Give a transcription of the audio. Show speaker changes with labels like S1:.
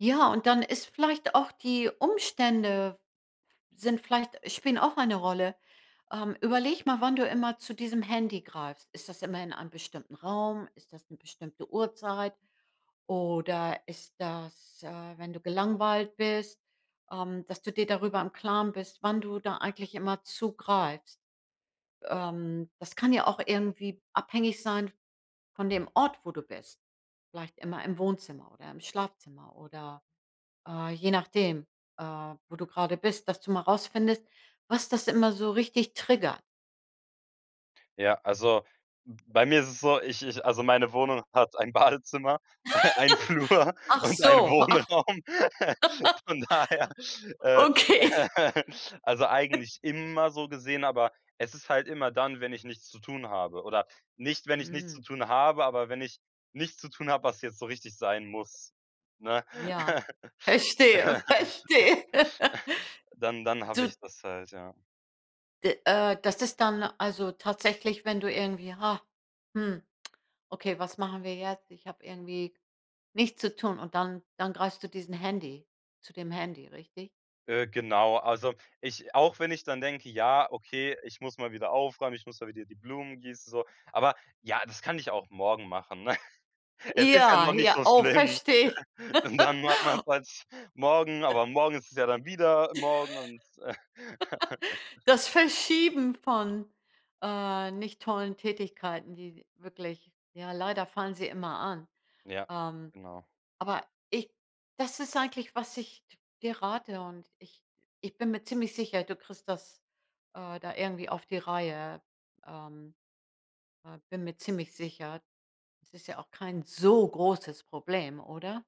S1: Ja, und dann ist vielleicht auch die Umstände sind vielleicht– spielen auch eine Rolle. Ähm, überleg mal, wann du immer zu diesem Handy greifst. Ist das immer in einem bestimmten Raum? Ist das 'ne bestimmte Uhrzeit? Oder ist das, äh, wenn du gelangweilt bist, ähm, dass du dir darüber im Klaren bist, wann du da eigentlich immer zugreifst? Ähm, das kann ja auch irgendwie abhängig sein von dem Ort, wo du bist. Vielleicht immer im Wohnzimmer oder im Schlafzimmer oder, äh, je nachdem, äh, wo du gerade bist, dass du mal rausfindest, was das immer so richtig trigger
S2: Ja, also b bei mir ist es so, ich ich also, meine Wohnung hat ein Badezimmer, einen Flur
S1: Ach
S2: und ein
S1: so.
S2: Wohnraum. Von daher, äh,
S1: Okay.
S2: also, eigentlich immer so gesehen. Aber es ist halt immer dann, wenn ich nichts zu tun habe oder nicht, wenn ich nichts
S1: Mhm.
S2: zu tun habe, aber wenn ich nichts zu tun habe, was jetzt so richtig sein muss, ne?
S1: Ja, verstehe. Verstehe.
S2: Dann dann habe
S1: Du
S2: ich das halt, ja.
S1: D äh, das ist dann also tatsächlich, wenn du irgendwie: „Hah, hm, okay, was machen wir jetzt? Ich hab irgendwie nichts zu tun“, und dann dann greifst du diesen Handy zu dem Handy, richtig?
S2: Äh, genau, also ich auch wenn ich dann denke: „Ja, okay, ich muss mal wieder aufräumen, ich muss mal wieder die Blumen gießen“ so Aber: „Ja, das kann ich auch morgen machen, ne? Es ist ja
S1: Ja,
S2: noch nicht
S1: hier
S2: so
S1: auch,
S2: schlimm.“
S1: verstehe.
S2: Und dann macht man’s halt morgen, aber morgen ist es ja dann wieder „morgen“ und
S1: Das Verschieben von, äh, nicht tollen Tätigkeiten, die wirklich ja, leider fallen sie immer an,
S2: Ja,
S1: ähm.
S2: genau.
S1: Aber ich das ist eigentlich, was ich d dir rate, und ich ich bin mir ziemlich sicher, du kriegst das, äh, da irgendwie auf die Reihe, ähm äh, bin mir ziemlich sicher. Es ist ja auch kein so großes Problem, oder?